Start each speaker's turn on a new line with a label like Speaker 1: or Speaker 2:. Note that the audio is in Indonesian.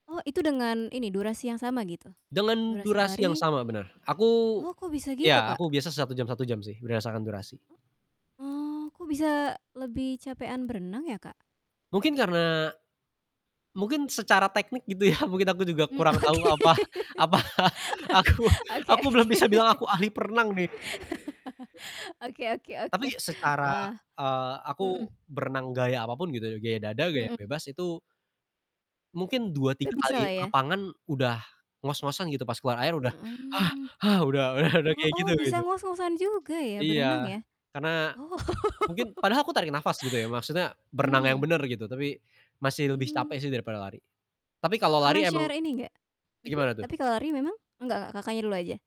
Speaker 1: Oh, itu dengan ini, durasi yang sama gitu?
Speaker 2: Dengan
Speaker 1: Durasi
Speaker 2: durasi yang
Speaker 1: lari?
Speaker 2: sama, benar. Aku
Speaker 1: Oh, kok bisa gitu
Speaker 2: iya,
Speaker 1: Kak?
Speaker 2: aku biasa 1 jam, 1 jam sih, berdasarkan durasi.
Speaker 1: M oh, kok bisa lebih capean berenang ya, Kak?
Speaker 2: Mungkin karena mungkin secara teknik gitu ya, mungkin aku juga
Speaker 1: Mmm,
Speaker 2: kurang tahu
Speaker 1: oke,
Speaker 2: apa apa, aku
Speaker 1: oke
Speaker 2: aku belum
Speaker 1: oke.
Speaker 2: bisa bilang aku ahli perenang, nih.
Speaker 1: Oke oke oke.
Speaker 2: Tapi, secara
Speaker 1: Wah,
Speaker 2: eee, aku
Speaker 1: mhm.
Speaker 2: berenang gaya apapun gitu ya, gaya dada gaya
Speaker 1: Mmm.
Speaker 2: bebas itu mungkin dua
Speaker 1: Udah
Speaker 2: tiga kali
Speaker 1: bisalah ya?
Speaker 2: lapangan udah ngos-ngosan gitu, pas keluar air udah
Speaker 1: Mhm.
Speaker 2: udah udah udah
Speaker 1: Oh
Speaker 2: kayak
Speaker 1: oh,
Speaker 2: gitu
Speaker 1: bisa
Speaker 2: gitu.
Speaker 1: ngos-ngosan juga ya, berenang
Speaker 2: Iya,
Speaker 1: ya?
Speaker 2: karena
Speaker 1: Oh.
Speaker 2: mungkin padahal aku tarik napas gitu ya, maksudnya berenang yang
Speaker 1: Mmm.
Speaker 2: benar gitu, tapi masih lebih
Speaker 1: Hmm.
Speaker 2: capek sih daripada lari. Tapi kalau lari
Speaker 1: Pernah share
Speaker 2: emang
Speaker 1: ini gak mhm,
Speaker 2: gimana tuh?
Speaker 1: tapi kalau lari memang enggak, Kakaknya dulu aja.